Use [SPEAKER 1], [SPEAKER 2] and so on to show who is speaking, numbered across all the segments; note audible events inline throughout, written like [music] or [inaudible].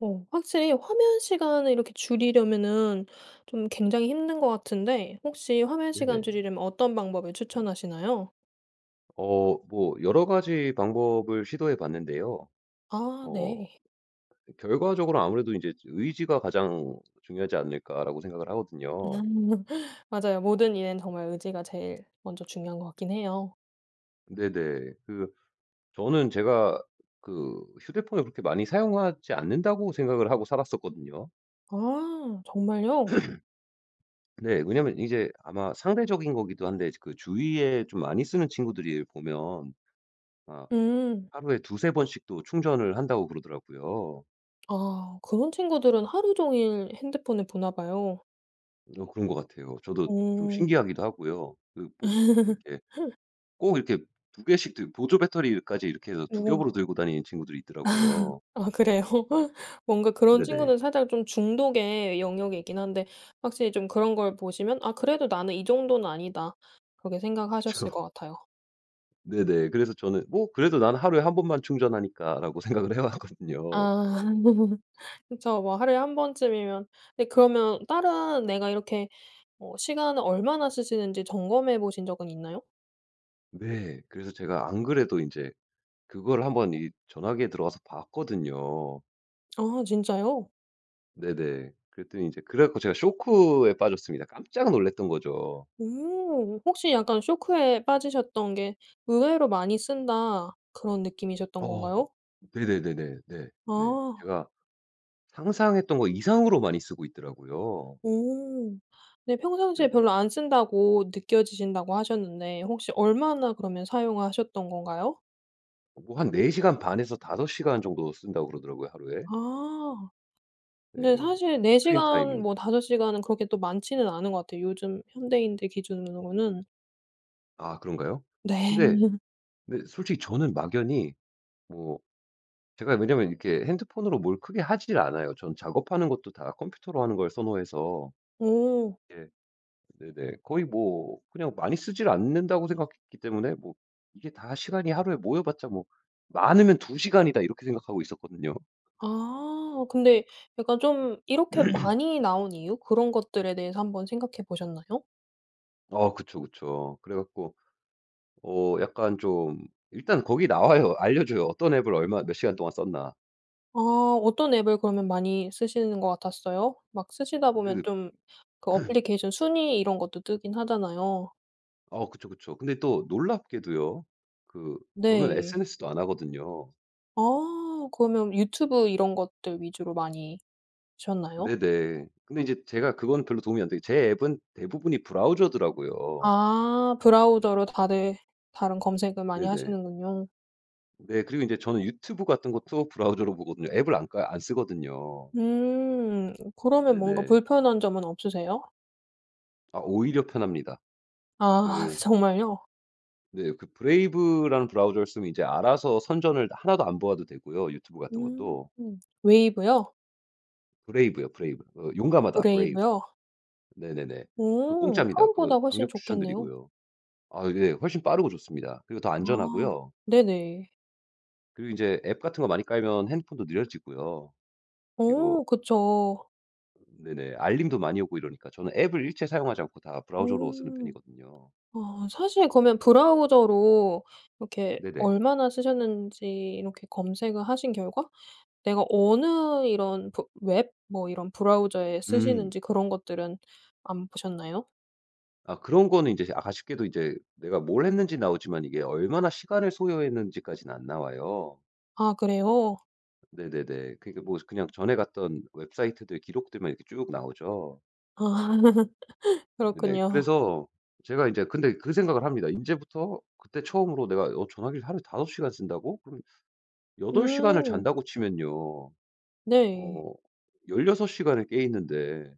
[SPEAKER 1] 어 확실히 화면 시간을 이렇게 줄이려면은 좀 굉장히 힘든 거 같은데 혹시 화면 시간
[SPEAKER 2] 네네.
[SPEAKER 1] 줄이려면 어떤 방법을 추천하시나요?
[SPEAKER 2] 어 뭐 여러 가지 방법을 시도해 봤는데요.
[SPEAKER 1] 아
[SPEAKER 2] 어
[SPEAKER 1] 네.
[SPEAKER 2] 결과적으로 아무래도 인제 '의지가 가장 중요하지 않을까?'라고 생각을 하거든요.
[SPEAKER 1] [laughs] 맞아요. 모든 일에는 정말 의지가 제일 먼저 중요한 것 같기는 해요.
[SPEAKER 2] 네네. 그 저는 제가 그 '휴대폰을 그렇게 많이 사용하지 않는다.'고 생각을 하고 살았었거든요.
[SPEAKER 1] 아 정말요?
[SPEAKER 2] [clears throat] 네. 왜냐하면 이제 아마 상대적인 거기도 한데 이제 그 주위에 좀 많이 쓰는 친구들 이래 보면 막
[SPEAKER 1] 음.
[SPEAKER 2] '하루에 2-3 번씩도 충전을 한다.'고 그러더라고요.
[SPEAKER 1] 아 그런 친구들은 하루 종일 핸드폰을 보나 봐요.
[SPEAKER 2] 어 그런 것 같아요. 저도 좀
[SPEAKER 1] 오.
[SPEAKER 2] 신기하기도 하고요. 그 뭐 그 이렇게
[SPEAKER 1] [laughs]
[SPEAKER 2] 꼭 이렇게 2 개씩 들 보조 배터리까지 이렇게 해서 2
[SPEAKER 1] 오.
[SPEAKER 2] 겹으로 들고 다니는 친구들이
[SPEAKER 1] [laughs]
[SPEAKER 2] 있더라고요.
[SPEAKER 1] 아 그래요? [laughs] 뭔가 그런
[SPEAKER 2] 네네.
[SPEAKER 1] 친구는 살짝 좀 중독의 영역에 있기는 한데 확실히 좀 그런 걸 보시면 '아 그래도 나는 이 정도는 아니다.' 그렇게 생각하셨을
[SPEAKER 2] 그쵸.
[SPEAKER 1] 것 같아요.
[SPEAKER 2] 네네. 그래서 저는 어 '그래도 나는 하루에 1 번만 충전하니까.'라고 생각을 해 왔거든요.
[SPEAKER 1] 아 [laughs] 그쵸. 뭐 하루에 1 번쯤이면. 네 그러면 다른 내가 이렇게 뭐 시간을 얼마나 쓰시는지 점검해 보신 적은 있나요?
[SPEAKER 2] 네. 그래서 제가 안 그래도 인제 그거를 한번 이 전화기에 들어가서 봤거든요.
[SPEAKER 1] 아 진짜요?
[SPEAKER 2] 네네. 그랬더니 이제 그래 갖고 제가 쇼크에 빠졌습니다. 깜짝 놀랐던 거죠.
[SPEAKER 1] 오 혹시 약간 쇼크에 빠지셨던 게 '의외로 많이 쓴다.' 그런 느낌이셨던
[SPEAKER 2] 어
[SPEAKER 1] 건가요?
[SPEAKER 2] 네네네네. 네. 네.
[SPEAKER 1] 아.
[SPEAKER 2] 제가 상상했던 거 이상으로 많이 쓰고 있더라고요.
[SPEAKER 1] 오 근데 평상시에
[SPEAKER 2] 네네.
[SPEAKER 1] 별로 안 쓴다고 느껴지신다고 하셨는데 혹시 얼마나 그러면 사용하셨던 건가요?
[SPEAKER 2] 뭐 한 4 시간 반에서 5 시간 정도 쓴다고 그러더라고요 하루에.
[SPEAKER 1] 아.
[SPEAKER 2] 네.
[SPEAKER 1] 근데 사실 4
[SPEAKER 2] 스크린
[SPEAKER 1] 시간
[SPEAKER 2] 타임이.
[SPEAKER 1] 뭐 5 시간은 그렇게 또 많지는 않은 거 같아요 요즘 현대인들 기준으로는.
[SPEAKER 2] 아 그런가요? 근데
[SPEAKER 1] 네.
[SPEAKER 2] 네. 솔직히 저는 막연히 뭐 제가 왜냐하면 이렇게 핸드폰으로 뭘 크게 하질 않아요. 저는 작업하는 것도 다 컴퓨터로 하는 걸 선호해서.
[SPEAKER 1] 오.
[SPEAKER 2] 예. 네네. 거의 뭐 그냥 많이 쓰질 않는다고 생각했기 때문에 뭐 이게 다 시간이 하루에 모여 봤자 뭐 '많으면 두 시간이다.' 이렇게 생각하고 있었거든요.
[SPEAKER 1] 아 근데 약간 좀 이렇게
[SPEAKER 2] [clears throat]
[SPEAKER 1] 많이 나온 이유? 그런 것들에 대해서 한번 생각해 보셨나요?
[SPEAKER 2] 어. 그쵸, 그쵸. 그래 갖고 어 약간 좀 일단 거기 나와요. 알려줘요. 어떤 앱을 얼마 몇 시간 동안 썼나.
[SPEAKER 1] 아. 어떤 앱을 그러면 많이 쓰시는 것 같았어요? 막 쓰시다 보면
[SPEAKER 2] 그
[SPEAKER 1] 좀 그
[SPEAKER 2] [clears throat]
[SPEAKER 1] 어플리케이션 순위 이런 것도 뜨긴 하잖아요.
[SPEAKER 2] 어. 그쵸, 그쵸. 근데 또 놀랍게도요. 그 저는
[SPEAKER 1] 네.
[SPEAKER 2] SNS도 안 하거든요.
[SPEAKER 1] 아. 그러면 유튜브 이런 것들 위주로 많이 보셨나요?
[SPEAKER 2] 네네. 근데 인제 제가 그건 별로 도움이 안 돼요. 제 앱은 대부분이 브라우저더라고요.
[SPEAKER 1] 아. 브라우저로 다들 다른 검색을 많이
[SPEAKER 2] 네네.
[SPEAKER 1] 하시는군요.
[SPEAKER 2] 네. 그리고 인제 저는 유튜브 같은 것도 브라우저로 보거든요. 앱을 안 까 안 쓰거든요.
[SPEAKER 1] 음. 그러면 뭔가
[SPEAKER 2] 네네.
[SPEAKER 1] 불편한 점은 없으세요?
[SPEAKER 2] 아. 오히려 편합니다.
[SPEAKER 1] 아.
[SPEAKER 2] 그
[SPEAKER 1] 정말요?
[SPEAKER 2] 네. 그 브레이브라는 브라우저를 쓰면 이제 알아서 선전을 하나도 안 보아도 되고요 유튜브 같은
[SPEAKER 1] 음.
[SPEAKER 2] 것도.
[SPEAKER 1] 웨이브요?
[SPEAKER 2] 브레이브요, 브레이브. 어 용감하다. Brave.
[SPEAKER 1] 브레이브요?
[SPEAKER 2] 네네네. 그
[SPEAKER 1] 오.
[SPEAKER 2] 공짭니다. 그거
[SPEAKER 1] 크롬보다 훨씬
[SPEAKER 2] 강력
[SPEAKER 1] 좋겠네요.
[SPEAKER 2] 추천드리고요. 아 이게 훨씬 빠르고 좋습니다. 그리고 더
[SPEAKER 1] 아.
[SPEAKER 2] 안전하고요.
[SPEAKER 1] 네네.
[SPEAKER 2] 그리고 인제 앱 같은 거 많이 깔면 핸드폰도 느려지고요. 그리고
[SPEAKER 1] 어. 그쵸.
[SPEAKER 2] 네네. 알림도 많이 오고 이러니까 저는 앱을 일체 사용하지 않고 다 브라우저로 쓰는
[SPEAKER 1] 오.
[SPEAKER 2] 편이거든요.
[SPEAKER 1] 아 사실 그러면 브라우저로 이렇게
[SPEAKER 2] 네네.
[SPEAKER 1] 얼마나 쓰셨는지 이렇게 검색을 하신 결과 내가 어느 이런 브 웹 뭐 이런 브라우저에
[SPEAKER 2] 음.
[SPEAKER 1] 쓰시는지 그런 것들은 안 보셨나요?
[SPEAKER 2] 아 그런 거는 인제 아 아쉽게도 이제 내가 뭘 했는지 나오지만 이게 얼마나 시간을 소요했는지까지는 안 나와요.
[SPEAKER 1] 아 그래요?
[SPEAKER 2] 네네네. 그러니까 뭐 스 그냥 전에 갔던 웹사이트들 기록들만 이렇게 쭉 나오죠.
[SPEAKER 1] 아.
[SPEAKER 2] 네네.
[SPEAKER 1] 그렇군요.
[SPEAKER 2] 그래서 제가 인제 근데 그 생각을 합니다. 인제부터 그때 처음으로 내가 어 전화기를 하루에 5 시간 쓴다고? 그럼 8 시간을
[SPEAKER 1] 음.
[SPEAKER 2] 잔다고 치면요,
[SPEAKER 1] 네.
[SPEAKER 2] 어 16 시간을 깨 있는데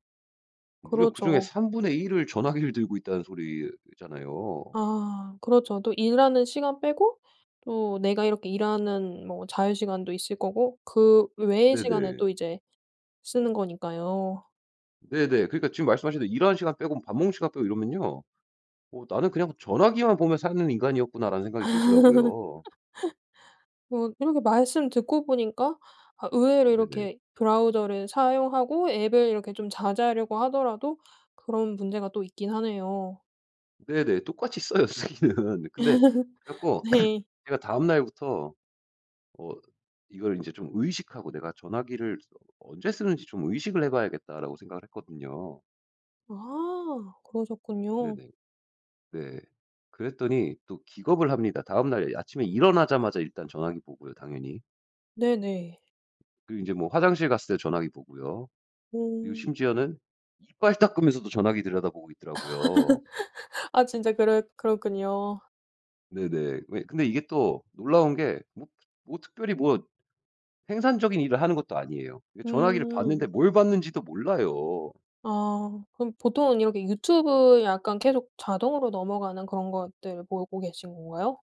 [SPEAKER 2] 무려 그중에
[SPEAKER 1] 그렇죠.
[SPEAKER 2] 3 분의 1 을 전화기를 들고 있다는 소리잖아요.
[SPEAKER 1] 아, 그렇죠. 또 일하는 시간 빼고 또 내가 이렇게 일하는 뭐 자유 시간도 있을 거고 그 외의 시간에
[SPEAKER 2] 네네.
[SPEAKER 1] 또 이제 쓰는 거니까요.
[SPEAKER 2] 네네. 그러니까 지금 말씀하신 대로 일하는 시간 빼고 밥 먹는 시간 빼고 이러면은요 어 '나는 그냥 전화기만 보며 사는 인간이었구나.'라는 생각이 들더라고요.
[SPEAKER 1] [laughs] 뭐 이렇게 말씀 듣고 보니까 아
[SPEAKER 2] 아
[SPEAKER 1] 의외로
[SPEAKER 2] 네네.
[SPEAKER 1] 이렇게 브라우저를 사용하고 앱을 이렇게 좀 자제하려고 하더라도 그런 문제가 또 있긴 하네요.
[SPEAKER 2] 네네. 똑같이 써요 쓰기는. 근데
[SPEAKER 1] [laughs]
[SPEAKER 2] 그래가지고
[SPEAKER 1] 네.
[SPEAKER 2] [clears throat] 제가 다음 날부터 어 이걸 인제 좀 의식하고 '내가 전화기를 어 언제 쓰는지 좀 의식을 해 봐야겠다.'라고 생각을 했거든요.
[SPEAKER 1] 아. 그러셨군요.
[SPEAKER 2] 네네. 네. 그랬더니 또 기겁을 합니다. 다음 날 아침에 일어나자마자 일단 전화기 보고요 당연히.
[SPEAKER 1] 네네.
[SPEAKER 2] 그 인제 뭐 화장실 갔을 때 전화기 보고요. 그리고
[SPEAKER 1] 어.
[SPEAKER 2] 심지어는 이빨 닦으면서도 전화기 들여다보고 있더라고요.
[SPEAKER 1] [laughs] 아 진짜 그렇 그렇군요.
[SPEAKER 2] 네네. 왜 근데 이게 또 놀라운 게 뭐 뭐 특별히 뭐 생산적인 일을 하는 것도 아니에요. 그 전화기를
[SPEAKER 1] 음.
[SPEAKER 2] 봤는데 뭘 봤는지도 몰라요.
[SPEAKER 1] 아. 그럼 보통은 이렇게 유튜브 약간 계속 자동으로 넘어가는 그런 것들 보고 계신 건가요?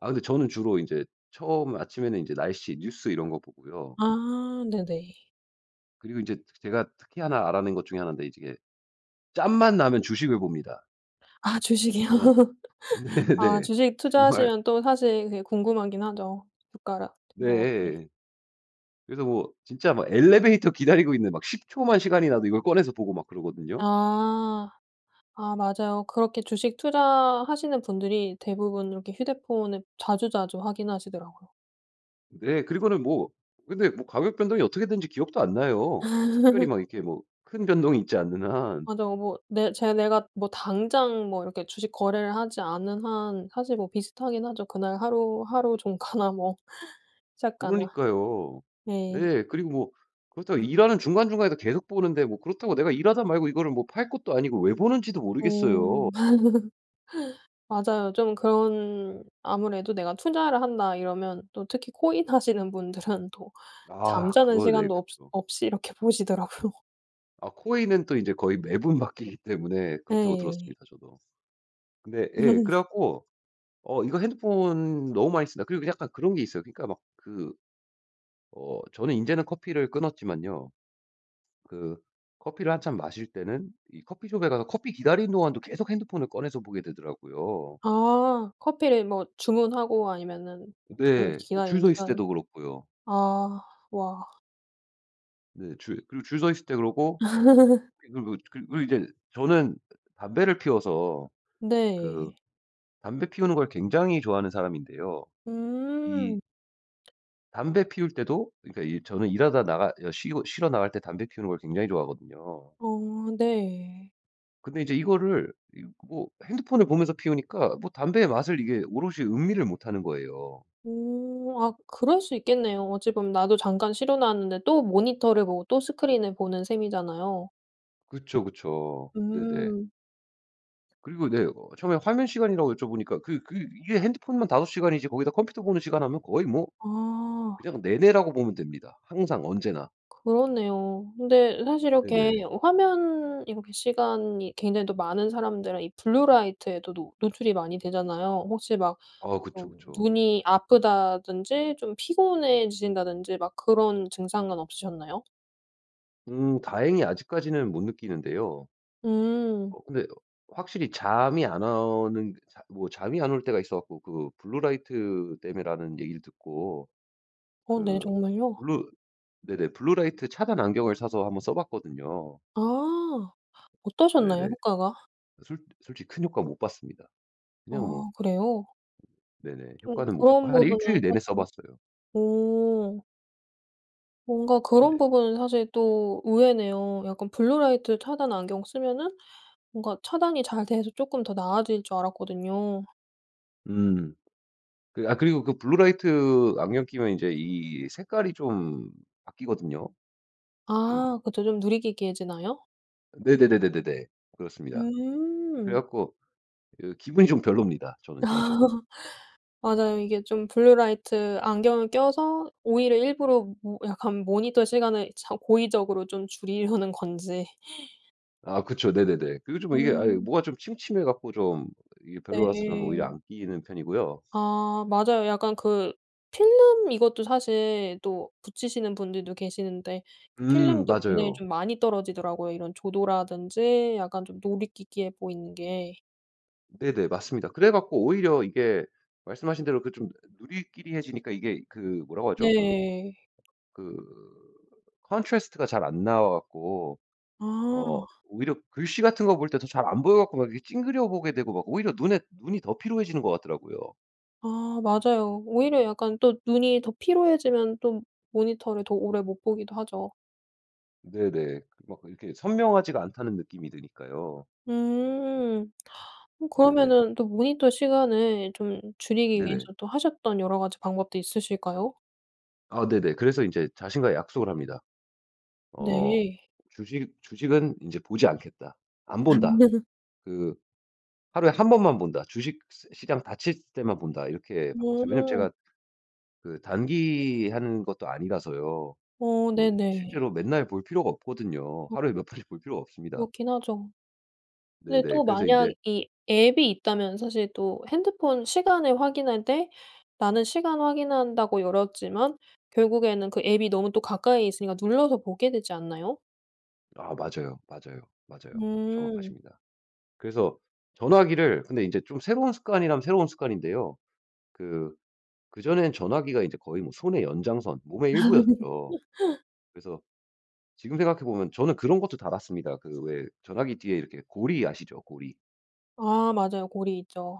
[SPEAKER 2] 아 근데 저는 주로 인제 처음 아침에는 인제 날씨, 뉴스 이런 거 보고요.
[SPEAKER 1] 아 네네.
[SPEAKER 2] 그리고 인제 제가 특히 1 알아낸 것 중에 1 인데 이제 이게 짬만 나면 주식을 봅니다.
[SPEAKER 1] 아 주식이요?
[SPEAKER 2] 그냥
[SPEAKER 1] 아
[SPEAKER 2] 네네.
[SPEAKER 1] 주식
[SPEAKER 2] 정말
[SPEAKER 1] 투자하시면 또 사실 그게 궁금하긴 하죠 주가랑 이런 것들이.
[SPEAKER 2] 네. 그래서 뭐 진짜 막 엘리베이터 기다리고 있는데 막 10 초만 시간이 나도 이걸 꺼내서 보고 막 그러거든요.
[SPEAKER 1] 아 아 맞아요. 그렇게 주식 투자하시는 분들이 대부분 이렇게 휴대폰을 자주자주 확인하시더라고요.
[SPEAKER 2] 네. 그리고는 뭐 근데 뭐 가격 변동이 어떻게 됐는지 기억도 안 나요. 뭐 특별히
[SPEAKER 1] [laughs]
[SPEAKER 2] 막 이렇게 뭐 큰 변동이 있지 않는 한.
[SPEAKER 1] 맞아요. 뭐 내 제 내가 뭐 당장 뭐 이렇게 주식 거래를 하지 않은 한 사실 뭐 비슷하긴 하죠 그날 하루 하루 종가나 뭐 [laughs] 시작가나.
[SPEAKER 2] 그러니까요.
[SPEAKER 1] 네.
[SPEAKER 2] 예 그리고 뭐 그렇다고 일하는 중간중간에도 계속 보는데 뭐 그렇다고 내가 일하다 말고 이거를 뭐 팔 것도 아니고 왜 보는지도
[SPEAKER 1] 오.
[SPEAKER 2] 모르겠어요.
[SPEAKER 1] [laughs] 맞아요. 좀 그런 아무래도 '내가 투자를 한다.' 이러면 또 특히 코인 하시는 분들은 또
[SPEAKER 2] 아
[SPEAKER 1] 잠자는
[SPEAKER 2] 그거 네
[SPEAKER 1] 시간도 없
[SPEAKER 2] 그쵸.
[SPEAKER 1] 없이 이렇게 보시더라고요.
[SPEAKER 2] 아 코인은 또 이제 "거의 매번 바뀌기 때문에 그렇다."고
[SPEAKER 1] 네.
[SPEAKER 2] 들었습니다 저도. 근데 예. 그래
[SPEAKER 1] [laughs]
[SPEAKER 2] 가지고 '어 이거 핸드폰 너무 많이 쓴다.' 그리고 약간 그런 게 있어요. 그러니까 막 그 어 저는 인제는 커피를 끊었지만요. 그 커피를 한참 마실 때는 이 커피숍에 가서 커피 기다리는 동안도 계속 핸드폰을 꺼내서 보게 되더라고요.
[SPEAKER 1] 아. 커피를 뭐 주문하고 아니면은 그
[SPEAKER 2] 네. 뭐 줄
[SPEAKER 1] 기다리는
[SPEAKER 2] 서 있을
[SPEAKER 1] 시간.
[SPEAKER 2] 때도 그렇고요.
[SPEAKER 1] 아 와.
[SPEAKER 2] 네. 줄 그리고 줄 서 있을 때 그러고
[SPEAKER 1] [laughs]
[SPEAKER 2] 그리고 그 그리고 이제 저는 담배를 피워서 그
[SPEAKER 1] 네.
[SPEAKER 2] 담배 피우는 걸 굉장히 좋아하는 사람인데요. 이
[SPEAKER 1] 음.
[SPEAKER 2] 담배 피울 때도 그러니까 이 저는 일하다 나가 가 쉬 쉬러 나갈 때 담배 피우는 걸 굉장히 좋아하거든요.
[SPEAKER 1] 어 네.
[SPEAKER 2] 근데 이제 이거를 이 뭐 핸드폰을 보면서 피우니까 뭐 담배의 맛을 이게 오롯이 음미를 못하는 거예요.
[SPEAKER 1] 오. 아 그럴 수 있겠네요. 어찌 보면 나도 잠깐 쉬러 나왔는데 또 모니터를 보고 또 스크린을 보는 셈이잖아요.
[SPEAKER 2] 그쵸, 그쵸. 네네.
[SPEAKER 1] 음.
[SPEAKER 2] 그리고 네 어 처음에 화면 시간이라고 여쭤보니까 그 그 이게 핸드폰만 5 시간이지 거기다 컴퓨터 보는 시간 하면 거의 뭐
[SPEAKER 1] 아.
[SPEAKER 2] 그냥 내내라고 보면 됩니다. 항상. 언제나.
[SPEAKER 1] 그렇네요. 근데 사실 이렇게
[SPEAKER 2] 네네.
[SPEAKER 1] 어 화면 이렇게 시간이 굉장히 또 많은 사람들은 이 블루라이트에도 노 노출이 많이 되잖아요. 혹시 막
[SPEAKER 2] 아. 그쵸,
[SPEAKER 1] 막
[SPEAKER 2] 그쵸.
[SPEAKER 1] 눈이 아프다든지 좀 피곤해지신다든지 막 그런 증상은 없으셨나요?
[SPEAKER 2] 음. 다행히 아직까지는 못 느끼는데요.
[SPEAKER 1] 음.
[SPEAKER 2] 어 근데 어 확실히 잠이 안 오는 자 뭐 잠이 안 올 때가 있어 갖고 그 블루라이트 때문이라는 얘기를 듣고
[SPEAKER 1] 어. 네.
[SPEAKER 2] 그
[SPEAKER 1] 정말요?
[SPEAKER 2] 블루 네네 블루라이트 차단 안경을 사서 한번 써 봤거든요.
[SPEAKER 1] 아. 어떠셨나요?
[SPEAKER 2] 네네.
[SPEAKER 1] 효과가?
[SPEAKER 2] 솔 솔직히 큰 효과 못 봤습니다. 그냥 뭐.
[SPEAKER 1] 아. 그래요?
[SPEAKER 2] 네네.
[SPEAKER 1] 그럼
[SPEAKER 2] 효과는 못 보고
[SPEAKER 1] 그런
[SPEAKER 2] 한
[SPEAKER 1] 부분은
[SPEAKER 2] 일주일 내내 써
[SPEAKER 1] 사실
[SPEAKER 2] 봤어요.
[SPEAKER 1] 오. 뭔가
[SPEAKER 2] 네.
[SPEAKER 1] 그런 부분은 사실 또 의외네요. 약간 블루라이트 차단 안경 쓰면은 뭔가 차단이 잘 돼서 쪼끔 더 나아질 줄 알았거든요.
[SPEAKER 2] 음. 그 아 그리고 그 블루라이트 안경 끼면 인제 이 색깔이 좀 바뀌거든요. 좀
[SPEAKER 1] 아 그것도 좀 누리끼리해지나요?
[SPEAKER 2] 네네네네네네. 그렇습니다. 그래
[SPEAKER 1] 음.
[SPEAKER 2] 갖고 이 기분이 좀 별로입니다 저는 개인적으로.
[SPEAKER 1] [laughs] 맞아요. 이게 좀 블루라이트 안경을 껴서 오히려 일부러 뭐 약간 모니터 시간을 참 고의적으로 좀 줄이려는 건지. [laughs]
[SPEAKER 2] 아 그쵸. 네네네. 그리고 좀 이게 아이
[SPEAKER 1] 음.
[SPEAKER 2] 뭐가 좀 침침해 갖고 좀 이게 별로라서 저는
[SPEAKER 1] 네.
[SPEAKER 2] 오히려 안 끼는 편이고요.
[SPEAKER 1] 아 맞아요. 약간 그 필름 이것도 사실 또 붙이시는 분들도 계시는데
[SPEAKER 2] 음
[SPEAKER 1] 필름도 굉장히
[SPEAKER 2] 맞아요.
[SPEAKER 1] 좀 많이 떨어지더라고요. 이런 조도라든지 약간 좀 누리끼리해 보이는 게.
[SPEAKER 2] 네네. 맞습니다. 그래 갖고 오히려 이게 말씀하신 대로 그 좀 누리끼리해지니까 이게 그 뭐라고 하죠? 그
[SPEAKER 1] 네.
[SPEAKER 2] 그 contrast가 잘 안 나와 갖고
[SPEAKER 1] 아.
[SPEAKER 2] 어 오히려 글씨 같은 거 볼 때 더 잘 안 보여 갖고 막 이렇게 찡그려 보게 되고 막 오히려 눈에 눈이 더 피로해지는 것 같더라고요.
[SPEAKER 1] 아 맞아요. 오히려 약간 또 눈이 더 피로해지면 또 모니터를 더 오래 못 보기도 하죠.
[SPEAKER 2] 네네. 그렇게 막 이렇게 선명하지가 않다는 느낌이 드니까요.
[SPEAKER 1] 음.
[SPEAKER 2] 네네.
[SPEAKER 1] 그러면은 또 모니터 시간을 좀 줄이기
[SPEAKER 2] 네네.
[SPEAKER 1] 위해서 또 하셨던 여러 가지 방법도 있으실까요?
[SPEAKER 2] 아 네네. 그래서 인제 자신과의 약속을 합니다. 어
[SPEAKER 1] 네.
[SPEAKER 2] '주식 주식은 인제 보지 않겠다. 안 본다.
[SPEAKER 1] [laughs]
[SPEAKER 2] 그 하루에 1 번만 본다. 주식 시 시장 닫힐 때만 본다.' 이렇게 바꿨어요. 왜냐하면
[SPEAKER 1] 어.
[SPEAKER 2] 제가 그 단기 하는 것도 아니라서요.
[SPEAKER 1] 어.
[SPEAKER 2] 뭐
[SPEAKER 1] 네네.
[SPEAKER 2] 실제로 맨날 볼 필요가 없거든요.
[SPEAKER 1] 아.
[SPEAKER 2] 하루에 몇 번씩 볼 필요가 없습니다.
[SPEAKER 1] 그렇긴 하죠. 근데
[SPEAKER 2] 네네.
[SPEAKER 1] 또
[SPEAKER 2] 그래서
[SPEAKER 1] 만약
[SPEAKER 2] 인제
[SPEAKER 1] 이 앱이 있다면 사실 또 핸드폰 시간을 확인할 때 나는 시간 확인한다고 열었지만 결국에는 그 앱이 너무 또 가까이 있으니까 눌러서 보게 되지 않나요?
[SPEAKER 2] 아 맞아요. 맞아요. 맞아요.
[SPEAKER 1] 음.
[SPEAKER 2] 정확하십니다. 그래서 전화기를 근데 인제 좀 새로운 습관이라면 새로운 습관인데요. 그 그전엔 전화기가 이제 거의 뭐 손의 연장선 몸의 일부였죠.
[SPEAKER 1] [laughs]
[SPEAKER 2] 그래서 지금 생각해 보면 저는 그런 것도 달았습니다. 그 왜 전화기 뒤에 이렇게 고리 아시죠 고리?
[SPEAKER 1] 아 맞아요. 고리 있죠.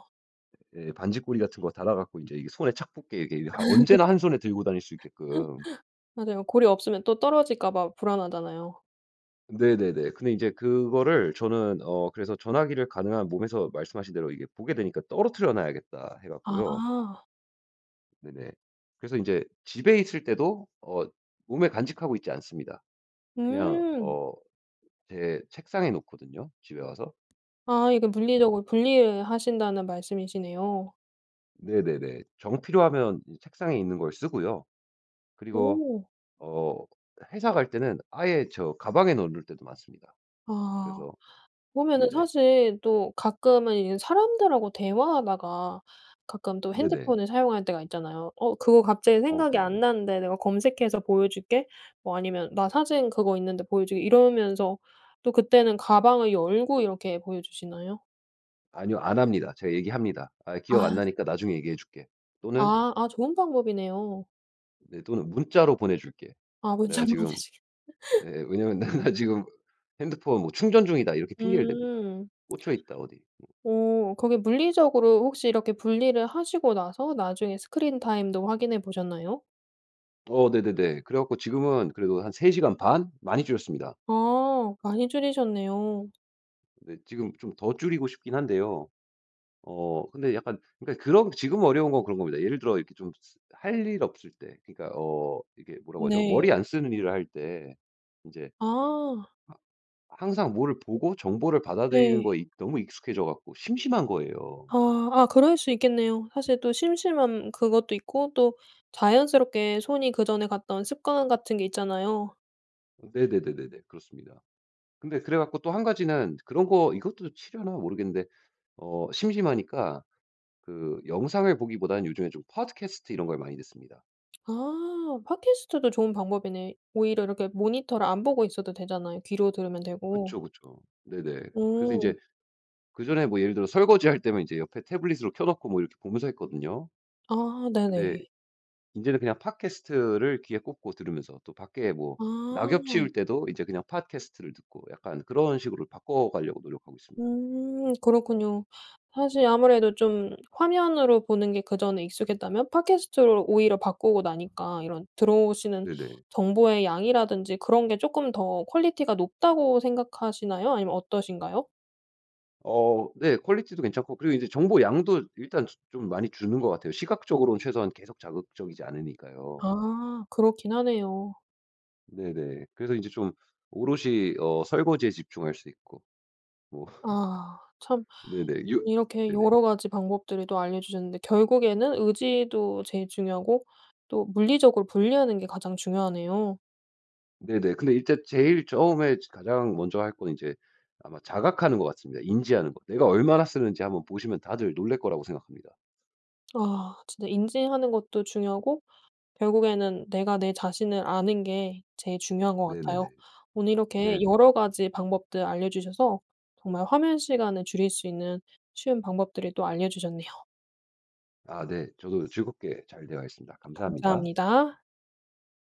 [SPEAKER 2] 예 반짇고리 같은 거 달아 갖고 인제 이 손에 착 붙게, 이게 언제나 1 손에 들고 다닐 수 있게끔.
[SPEAKER 1] [laughs] 맞아요. 고리 없으면 또 떨어질까 봐 불안하잖아요.
[SPEAKER 2] 네네네. 근데 이제 그거를 저는 어 그래서 전화기를 가능한 몸에서 말씀하신 대로 '이게 보게 되니까 떨어뜨려 놔야겠다.' 해 갖고요
[SPEAKER 1] 아.
[SPEAKER 2] 네네. 그래서 인제 집에 있을 때도 어 몸에 간직하고 있지 않습니다. 그냥
[SPEAKER 1] 음.
[SPEAKER 2] 어 제 책상에 놓거든요 집에 와서.
[SPEAKER 1] 아 이게
[SPEAKER 2] 그래서
[SPEAKER 1] 물리적으로 분리하신다는 말씀이시네요.
[SPEAKER 2] 네네네. 정 필요하면 이 책상에 있는 걸 쓰고요. 그리고
[SPEAKER 1] 오.
[SPEAKER 2] 어 회사 갈 때는 아예 저 가방에 넣어 놓을 때도 많습니다.
[SPEAKER 1] 아.
[SPEAKER 2] 그래서
[SPEAKER 1] 보면은
[SPEAKER 2] 네네.
[SPEAKER 1] 사실 또 가끔은 이제 사람들하고 대화하다가 가끔 또
[SPEAKER 2] 네네.
[SPEAKER 1] 핸드폰을 사용할 때가 있잖아요. "어, 그거 갑자기
[SPEAKER 2] 어,
[SPEAKER 1] 생각이
[SPEAKER 2] 그럼요.
[SPEAKER 1] 안 나는데 내가 검색해서 보여줄게." 뭐 아니면 "나 사진 그거 있는데 보여줄게." 이러면서 또 그때는 가방을 열고 이렇게 보여주시나요?
[SPEAKER 2] 아니요, 안 합니다. 제가 얘기합니다. "아 기억
[SPEAKER 1] 아.
[SPEAKER 2] 안 나니까 나중에 얘기해줄게." 또는
[SPEAKER 1] 아, 아. 좋은 방법이네요.
[SPEAKER 2] 네. 또는 "문자로 보내줄게.
[SPEAKER 1] 아.
[SPEAKER 2] 내가
[SPEAKER 1] 문자로
[SPEAKER 2] 지금"
[SPEAKER 1] 보내주겠 [laughs]
[SPEAKER 2] 예예. "왜냐하면 내가 지금 핸드폰 뭐 충전 중이다." 이렇게 핑계를 댑니다.
[SPEAKER 1] 음.
[SPEAKER 2] 꽂혀있다 어디 뭐.
[SPEAKER 1] 어. 거기 물리적으로 혹시 이렇게 분리를 하시고 나서 나중에 스크린 타임도 확인해 보셨나요?
[SPEAKER 2] 어. 네네네. 그래 갖고 지금은 그래도 한 3 시간 반? 많이 줄였습니다.
[SPEAKER 1] 아. 많이 줄이셨네요.
[SPEAKER 2] 네. 지금 좀 더 줄이고 싶기는 한데요. 어 근데 약간 그니까 그런 지금 어려운 건 그런겁니다. 예를 들어 이렇게 좀 ㅅ 할 일 없을 때 그러니까 어 이게 뭐라고 하죠?
[SPEAKER 1] 네.
[SPEAKER 2] 머리 안 쓰는 일을 할 때 인제
[SPEAKER 1] 아.
[SPEAKER 2] 하 항상 뭐를 보고 정보를 받아들이는
[SPEAKER 1] 네.
[SPEAKER 2] 거에 익 너무 익숙해져 갖고 심심한 거예요.
[SPEAKER 1] 아. 아 그럴 수 있겠네요. 사실 또 심심함 그것도 있고 또 자연스럽게 손이 그전에 갔던 습관 같은 게 있잖아요.
[SPEAKER 2] 네네네네네. 그렇습니다. 근데 그래 갖고 또 1 가지는 그런 거 이것도 치려나 모르겠는데 어 심심하니까 그 영상을 보기보다는 요즘에 좀 팟캐스트 이런 걸 많이 듣습니다.
[SPEAKER 1] 아 팟캐스트도 좋은 방법이네. 오히려 이렇게 모니터를 안 보고 있어도 되잖아요. 귀로 들으면 되고.
[SPEAKER 2] 그쵸, 그쵸. 네네. 그래서
[SPEAKER 1] 오.
[SPEAKER 2] 인제 그 전에 뭐 예를 들어 설거지할 때면 이제 옆에 태블릿으로 켜 놓고 이렇게 보면서 했거든요.
[SPEAKER 1] 아
[SPEAKER 2] 근데
[SPEAKER 1] 네네.
[SPEAKER 2] 인제는 그냥 팟캐스트를 귀에 꽂고 들으면서 또 밖에 뭐 낙엽
[SPEAKER 1] 아.
[SPEAKER 2] 치울 때도 이제 그냥 팟캐스트를 듣고 약간 그런 식으로 바꿔 가려고 노력하고 있습니다.
[SPEAKER 1] 음 그렇군요. 사실 아무래도 좀 화면으로 보는 게 그전에 익숙했다면 팟캐스트로 오히려 바꾸고 나니까 이런 들어오시는
[SPEAKER 2] 네네.
[SPEAKER 1] 정보의 양이라든지 그런 게 쪼끔 더 퀄리티가 높다고 생각하시나요, 아니면 어떠신가요?
[SPEAKER 2] 어 네. 퀄리티도 괜찮고 그리고 이제 정보량도 일단 조 좀 많이 주는 것 같아요. 시각적으로는 최소한 계속 자극적이지 않으니까요.
[SPEAKER 1] 아. 그렇긴 하네요.
[SPEAKER 2] 네네. 그래서 인제 좀 오롯이 어 설거지에 집중할 수 있고. 뭐.
[SPEAKER 1] 아 참
[SPEAKER 2] [laughs] 네네. 유
[SPEAKER 1] 이렇게
[SPEAKER 2] 네네.
[SPEAKER 1] 여러 가지 방법들이 또 알려주셨는데 결국에는 의지도 제일 중요하고 또 물리적으로 분리하는 게 가장 중요하네요.
[SPEAKER 2] 네네. 근데 일단 제일 처음에 저 가장 먼저 할 건 이제 아마 자각하는 것 같습니다, 인지하는 거. 내가 얼마나 쓰는지 한번 보시면 다들 놀랄 거라고 생각합니다.
[SPEAKER 1] 아 진짜 인지하는 것도 중요하고 결국에는 내가 내 자신을 아는 게 제일 중요한 것
[SPEAKER 2] 네네네.
[SPEAKER 1] 같아요. 오늘 이렇게
[SPEAKER 2] 네네.
[SPEAKER 1] 여러 가지 방법들 알려주셔서 정말 화면 시간을 줄일 수 있는 쉬운 방법들을 또 알려주셨네요.
[SPEAKER 2] 아 네 저도 즐겁게 잘 대화했습니다. 감사합니다.
[SPEAKER 1] 감사합니다.